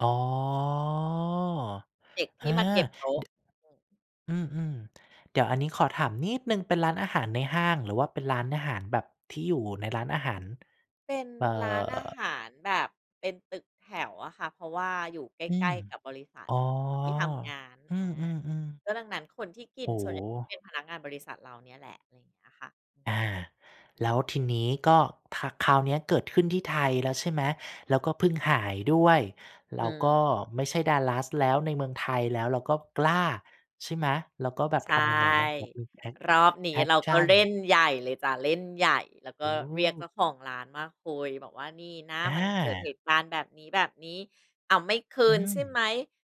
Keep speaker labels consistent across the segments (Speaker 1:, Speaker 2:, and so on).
Speaker 1: อ๋อ
Speaker 2: เด็กท
Speaker 1: อ
Speaker 2: ี
Speaker 1: า
Speaker 2: ่มาเก็บโต๊ะ
Speaker 1: ด
Speaker 2: อืม
Speaker 1: อืม ๆ เดี๋ยวอันนี้ขอถามนิดหนึ่ง เป็นร้านอาหารในห้างหรือว่าเป็นร้านอาหารแบบที่อยู่ในร้านอาหาร?
Speaker 2: เป็น
Speaker 1: เอ่อ
Speaker 2: ร้านอาหารแบบเป็นตึกแถวอะค่ะ เพราะว่าอยู่ใก
Speaker 1: อื
Speaker 2: ล
Speaker 1: ม
Speaker 2: ้ ๆ กับบริษัท
Speaker 1: อ๋อ
Speaker 2: ที่ทำงาน
Speaker 1: อื
Speaker 2: อา
Speaker 1: ม ๆ ๆ
Speaker 2: ก็ดังนั้นคนที่กิ
Speaker 1: โอ
Speaker 2: น
Speaker 1: ้
Speaker 2: ส่
Speaker 1: โ
Speaker 2: วนใหญ่
Speaker 1: ฮ!
Speaker 2: เป็นพนักงานบริษัทเราเนี่ยแหละ อะไรอย่างเงี้ยค่ะ อือ
Speaker 1: อ
Speaker 2: ฮ
Speaker 1: า
Speaker 2: ึ
Speaker 1: แล้วทีนี้ก็ ค คราวเนี้ยเกิดขึ้นที่ไทยแล้ว ใช่ไหม แล้วก็เพิ่งหายด้วย เร
Speaker 2: อ
Speaker 1: าก็
Speaker 2: ืม
Speaker 1: ไม่ใช่ Dallas แล้วในเมืองไทย แล้วเราก็กล้า ใช่ไหม แล้วก็แบบ
Speaker 2: ใช
Speaker 1: ท
Speaker 2: ่
Speaker 1: ำยังไงบ้าง? [unintelligible]
Speaker 2: รอบนี
Speaker 1: แอ
Speaker 2: ้
Speaker 1: ก
Speaker 2: เรา
Speaker 1: ช
Speaker 2: ก
Speaker 1: ั
Speaker 2: ็เล่
Speaker 1: น
Speaker 2: นใหญ่เลยจ้ะ เล่นใหญ่ แล้วก
Speaker 1: โ
Speaker 2: ็เรียกเจ
Speaker 1: อ้
Speaker 2: ้าของร้านมาคุยบอกว่า "นี่นะ
Speaker 1: อ
Speaker 2: มันเกิดเห
Speaker 1: า
Speaker 2: ตุการณ์แบบนี้ แบบนี้ อ้าว ไม่คื
Speaker 1: อื
Speaker 2: นใช่ไ
Speaker 1: ม
Speaker 2: หม"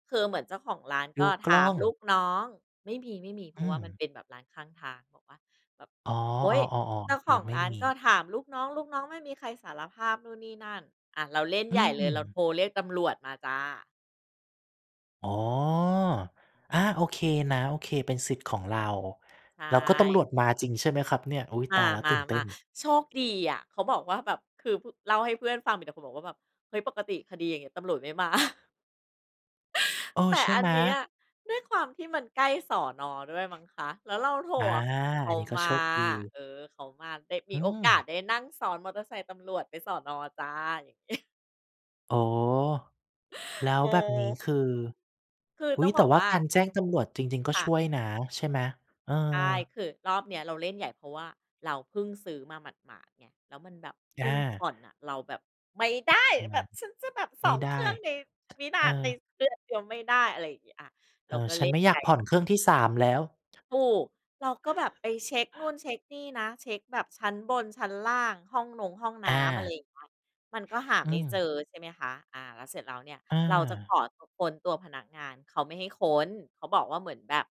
Speaker 2: คือเหมือนเจ้าของร้าน
Speaker 1: ด
Speaker 2: ก
Speaker 1: ู
Speaker 2: ็
Speaker 1: ก
Speaker 2: ถ
Speaker 1: ล้
Speaker 2: า
Speaker 1: อ
Speaker 2: ม
Speaker 1: ง
Speaker 2: ลูกน้อง ไม่มี ๆ เพร
Speaker 1: อ
Speaker 2: าะ
Speaker 1: ื
Speaker 2: ว่ามัน
Speaker 1: ม
Speaker 2: เป็นแบบร้านข้างทาง บอกว่าแบบ
Speaker 1: อ๋อ
Speaker 2: โอ๊ย เจ
Speaker 1: ๆ
Speaker 2: ้า
Speaker 1: ๆ
Speaker 2: ข
Speaker 1: ๆ ยั
Speaker 2: อง
Speaker 1: งไม่
Speaker 2: ร้าน
Speaker 1: มี
Speaker 2: ก็ถามลูกน้อง ลูกน้องไม่มีใครสารภาพ นู่นนี่นั่น อ่า เราเล่น
Speaker 1: อื
Speaker 2: ใหญ่เลย เรา
Speaker 1: ม
Speaker 2: โทรเรียกตำรวจมาจ้ะ
Speaker 1: อ๋อ อา โอเคนะ โอเค เป็นสิทธิ์ของเรา
Speaker 2: ใช
Speaker 1: แล้วก็ตำร
Speaker 2: ่
Speaker 1: วจมาจริงใช่ไหมครับเนี่ย? อุ๊ย
Speaker 2: ม
Speaker 1: ตายแล้ว ตื่นเต้
Speaker 2: า
Speaker 1: น
Speaker 2: ๆ ๆ โชคดีอะ เขาบอกว่าแบบคือ พ เล่าให้เพื่อนฟัง มีแต่คนบอกว่าแบบ เฮ้ย ปกติคดี อย่างเงี้ย ตำรวจไม่ มา
Speaker 1: เออ
Speaker 2: แต่
Speaker 1: ใช่
Speaker 2: อั
Speaker 1: ไ
Speaker 2: น
Speaker 1: หม?
Speaker 2: เนี้ย ด้วยความที่มันใกล้ สน. ด้วยมั้งคะ แล้วเราโทร
Speaker 1: อา
Speaker 2: ข เข
Speaker 1: อั
Speaker 2: า
Speaker 1: นนี้ก็
Speaker 2: ม
Speaker 1: โช
Speaker 2: า
Speaker 1: คดี
Speaker 2: เออ เขามา เลยม
Speaker 1: อื
Speaker 2: ีโอกาส
Speaker 1: ม
Speaker 2: ได้นั่งซ้อนมอเตอร์ไซค์ตำรวจไปสน. จ้ะ
Speaker 1: อ๋อ แล้
Speaker 2: โ
Speaker 1: วแบบนี้
Speaker 2: ก
Speaker 1: คือ
Speaker 2: คือ
Speaker 1: อุ
Speaker 2: ต
Speaker 1: ๊
Speaker 2: ้อ
Speaker 1: ย
Speaker 2: ง
Speaker 1: แ
Speaker 2: บ
Speaker 1: ต่
Speaker 2: อก
Speaker 1: ว่
Speaker 2: ว
Speaker 1: า
Speaker 2: ่า
Speaker 1: การแจ้งตำรวจจริง ๆ ก็
Speaker 2: ค
Speaker 1: ช
Speaker 2: ่ะ
Speaker 1: ่วยนะ ใช่ไหม? เออ
Speaker 2: ใช่ คือรอบเนี้ย เราเล่นใหญ่ เพราะว่าเราเพิ่งซื้อมาหมาด ๆ ไง แล้วมันแบบพ
Speaker 1: อ
Speaker 2: ึ่งผ่
Speaker 1: า
Speaker 2: อนอะ เราแบบ ไม่ได้
Speaker 1: ห้องน
Speaker 2: แบ
Speaker 1: ้
Speaker 2: บฉันจะแบบ
Speaker 1: ำ
Speaker 2: ส
Speaker 1: ไม
Speaker 2: อ
Speaker 1: ่
Speaker 2: ง
Speaker 1: ได
Speaker 2: เครื
Speaker 1: ้
Speaker 2: ่องในวินา
Speaker 1: เอ
Speaker 2: ใน
Speaker 1: อ
Speaker 2: เดือนเดียวไม่ได้ อะไรอย่างเงี้ย อ่า เ
Speaker 1: เอ
Speaker 2: รา
Speaker 1: อ
Speaker 2: ก็
Speaker 1: ฉ
Speaker 2: เ
Speaker 1: ั
Speaker 2: ล่
Speaker 1: นไ
Speaker 2: น
Speaker 1: ม่อ
Speaker 2: ใ
Speaker 1: ย
Speaker 2: หญ
Speaker 1: าก
Speaker 2: ่
Speaker 1: ผ่อนเครื่องที่ 3 แล้ว
Speaker 2: ถูก เราก็แบบไปเช็กนู่นเช็กนี่นะ เช็กแบบชั้นบนชั้นล่าง ห้องนงห้องน้
Speaker 1: อ
Speaker 2: ำ อะไร
Speaker 1: า
Speaker 2: อย่างเงี้ย มันก็หา
Speaker 1: อื
Speaker 2: ไม่เจ
Speaker 1: ม
Speaker 2: อ ใช่ไหมคะ อ่า แล้วเสร็จแล้วเนี่ย
Speaker 1: อ
Speaker 2: เราจะข
Speaker 1: า
Speaker 2: อเขาค้นตัวพนักงาน เขาไม่ให้ค้น เขาบอกว่าเหมือนแบบ